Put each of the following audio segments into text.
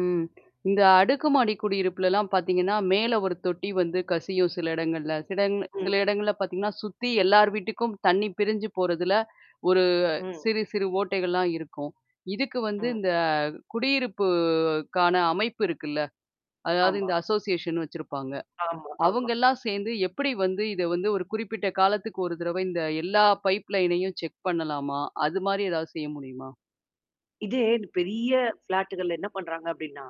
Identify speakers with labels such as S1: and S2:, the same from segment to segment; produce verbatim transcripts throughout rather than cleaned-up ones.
S1: ம். இந்த அடுக்கு மாடி குடி இருப்புலலாம் பார்த்தீங்கன்னா, மேல ஒரு தொட்டி வந்து கசியும் சில இடங்கள்ல. சில இடங் சில
S2: ம்.
S1: இடங்கள்ல பார்த்தீங்கன்னா, சுத்தி எல்லார் வீட்டுக்கும் தண்ணி பிரிஞ்சு போறதுல, ஒரு
S2: ம்.
S1: சிறு, சிறு ஓட்டைகள்லாம் இருக்கும். இதுக்கு வந்து
S2: ம்.
S1: இந்த குடியிருப்புக்கான அமைப்பு இருக்குல்ல? அதாவது இந்த
S2: ஆமா.
S1: அசோசியேஷன் வச்சிருப்பாங்க.
S2: ஆமா. ஆமா.
S1: அவங்கல்லாம் சேர்ந்து எப்படி வந்து இத வந்து ஒரு குறிப்பிட்ட காலத்துக்கு ஒரு தடவ இந்த எல்லா பைப் லைனையும் செக் பண்ணலாமா? அது மாரி ஏதாவது செய்ய முடியுமா?
S2: இதே பெரிய ஃப்ளாட்டு்கள்ல என்ன பண்றாங்க அப்டின்னா,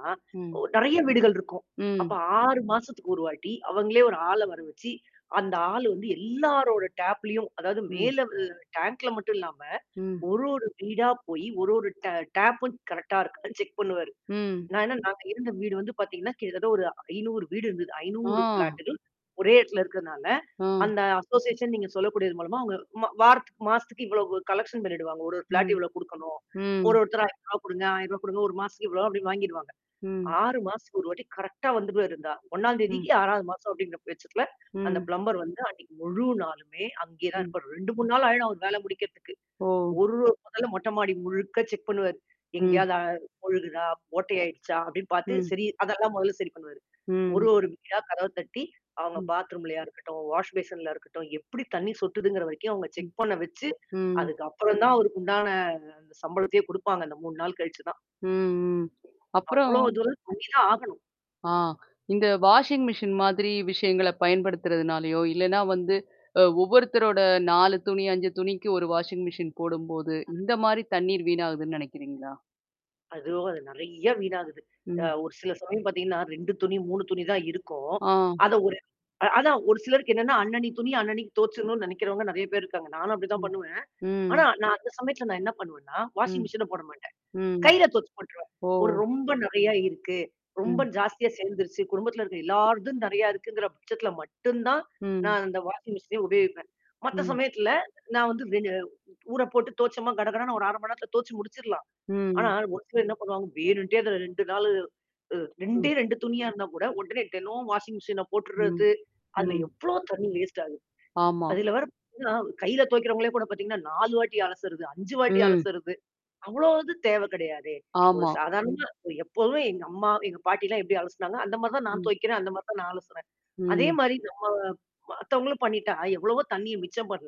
S2: ஓ
S1: ம்.
S2: நெறைய வீடுகள் இருக்கும். அப்ப
S1: ம்.
S2: ஆறு மாசத்துக்கு ஒரு வாட்டி, அவங்களே ஒரு ஆள வர வச்சு, அந்த ஆள் வந்து எல்லாரோட டேப்லயும், அதாவது
S1: ம்.
S2: மேல அ டேங்க்ல மட்டும் இல்லாம.
S1: ம்.
S2: ஒரு ஒரு வீடா போயி, ஒரு ஒரு ட டேப்பும் கரெக்ட்டா இருக்காதுன்னு செக் பண்ணுவாரு.
S1: ம்.
S2: நான் என்ன நாங்க இருந்த வீடு வந்து பார்த்தீங்கன்னா, கிட்டத்தட்ட ஒரு ஐநூறு வீடு இருந்தது.
S1: ஆ.
S2: ஐநூறு ப்ளாட்டு்கள் ஒரே இடத்துல இருக்கனால.
S1: அ.
S2: அந்த அசோசியேஷன் நீங்க சொல்லக்கூடியது மூலமா அவங்க மா வாரத்துக்கு, மாசத்துக்கு இவ்ளவு கலெக்ஷன் பண்ணிடுவாங்க. ஒரு ஒரு ப்ளாட்
S1: ம்.
S2: இவ்வளோ குடுக்கணும். ஒரு
S1: ம்.
S2: ஒருத்தரா ஐநூறுவா குடுங்க, ஆயிரூவா குடுங்க, ஒரு மாசத்துக்கு இவ்வளோ அப்டின்வாங்கிடுவாங்க.
S1: ம்.
S2: ஆறு மாசதுக்கு ஒரு வாட்டி கரெக்ட்டா வந்துருவாரு இந்த ஆள். ஒண்ணாந்
S1: ம்.
S2: தேதிக்கு, ஆறாவது மாசம் அப்படிங்கிற பட்சத்துல, அந்த
S1: ம்.
S2: பிளம்பர் வந்து அன்னைக்கு முழு நாளுமே அங்கே தான்
S1: ம்.
S2: இருப்பாரு. ரெண்டு, மூனு நாள் ஆயிடும் அவங்க வேல முடிக்கிறதுக்கு.
S1: ஓ!
S2: ஒரு பகல்ல மொட்ட மாடி முழுக்க செக் பண்ணுவாரு.
S1: ம்.
S2: எங்கேயாவது அ ஒழுகுதா? ஓட்டை ஆயிடுச்சா? அப்படின்னு பார்த்து,
S1: ம்.
S2: சரி அதெல்லாம் முதல்ல சரி பண்ணுவாரு. ஒரு
S1: ம்.
S2: ஒரு வீடா கதவ தட்டி, அவங்க
S1: ம்.
S2: பாத்ரூம்லயா இருக்கட்டும், வாஷ் பேஷன்ல இருக்கட்டும், எப்படி தண்ணீ சொட்டுதுங்கிற வரைக்கும் அவுங்க
S1: ம்.
S2: செக் பண்ண வச்சு,
S1: ம்.
S2: அதுக்கு அப்புறம் தான் அவருக்குண்டான அந்த சம்பளத்தையே குடுப்பாங்க அந்த மூனு நாள் கழிச்சு தான்.
S1: ம், ம். அப்பறம்
S2: அவ்ளோ தூரம் பண்ணி தான் ஆகணும்.
S1: ஆ. இந்த வாஷிங் மிஷின் மாதிரி விஷயங்கள பயன்படுத்துறதுனாலயோ, இல்லனா வந்து அ ஒவ்வொருத்தரோட நாலு துணி, அஞ்சு துணிக்கு ஒரு வாஷிங் மிஷின் போடும்போது, இந்த மாரி தண்ணீர் வீணாகுதுன்னு நெனைைக்கிறீங்களா?
S2: அதுவும் அது நறைய வீணாகுது. அ
S1: ம்.
S2: ஒரு சில சமயம் பார்த்தீங்கன்னா, ரெண்டு துணி, மூனு துணி தான் இருக்கும்.
S1: ஆ.
S2: அத ஒரு அதான் ஒரு சிலருக்கு என்னன்னா அன்னனைக்கு துணிய அன்னனைக்கு தோச்சரணும்னு நினைக்கிறவங்க நெறைய பேர் இருக்காங்க. நானும் அப்படிதான்
S1: ம்.
S2: பண்ணுவேன். ஆனா,
S1: ம்.
S2: நான் அந்த சமயத்தல நான் என்ன பண்ணுவேன்னா, வாஷிங்
S1: ம்.
S2: மெஷின போட மாட்டேன்.
S1: ம்.
S2: கையில தொச்சு போட்டுருவேன்.
S1: ஓ!
S2: ஒரு ரொம்ப நறையா இருக்கு. ரொம்ப
S1: ம்.
S2: ஜாஸ்தியா சேர்ந்துருச்சு. குடும்பத்தில இருக்கிற எல்லார்தும் நெறைய இருக்குங்கிற பட்சத்தல மட்டும் தான்,
S1: ம்.
S2: நான் அந்த வாஷிங் மெஷின்னே உபயகிப்பேன். மத்த
S1: ம்.
S2: சமயத்துல, நான் வந்து வெ ஊற போட்டு துவச்சோமா கடகடன்னு ஒரு அர மணி நேரத்தல தோச்சு முடிச்சர்லாம். ஆனா
S1: ம்.
S2: ஒரு சிலர் என்ன பண்ணுவாங்க? வேணுன்டே அதுல ரெண்டு நாள். அ ரெண்டே
S1: ம்.
S2: ரெண்டு துணியா இருந்தா கூட உடனே தினோம் வாஷிங் மிஷின்ல
S1: ம்.
S2: போட்டுறது. அந்த
S1: ம்.
S2: எவ்ளோ தண்ணீ வேஸ்ட் ஆகுது?
S1: ஆமா.
S2: அதில வேற பார்த்தீங்கன்னா, கையில துவைகிறவங்களே கூட பார்த்தீங்கன்னா, நாலு அலசுறது. அஞ்சு வாட்டி
S1: ம்.
S2: அலசுறது. அவ்ளோ இது தேவ கிடையாதே. ஒரு
S1: ஆமா.
S2: சாதாரணமா, எப்போதுமே எங்க அம்மா, எங்க பாட்டிலாம் எப்படி அலசுனாங்க, அந்த மாரி தான் நான்
S1: ம்.
S2: துவைகிறேன். அந்த மாரி தான் நான் அலசுறேன். அதே
S1: ம்.
S2: மாரி நம்ம மத்தவங்களும் பண்ணிட்டா எவ்வளவோ தண்ணீிய மிச்சம் பண்ணலாம்?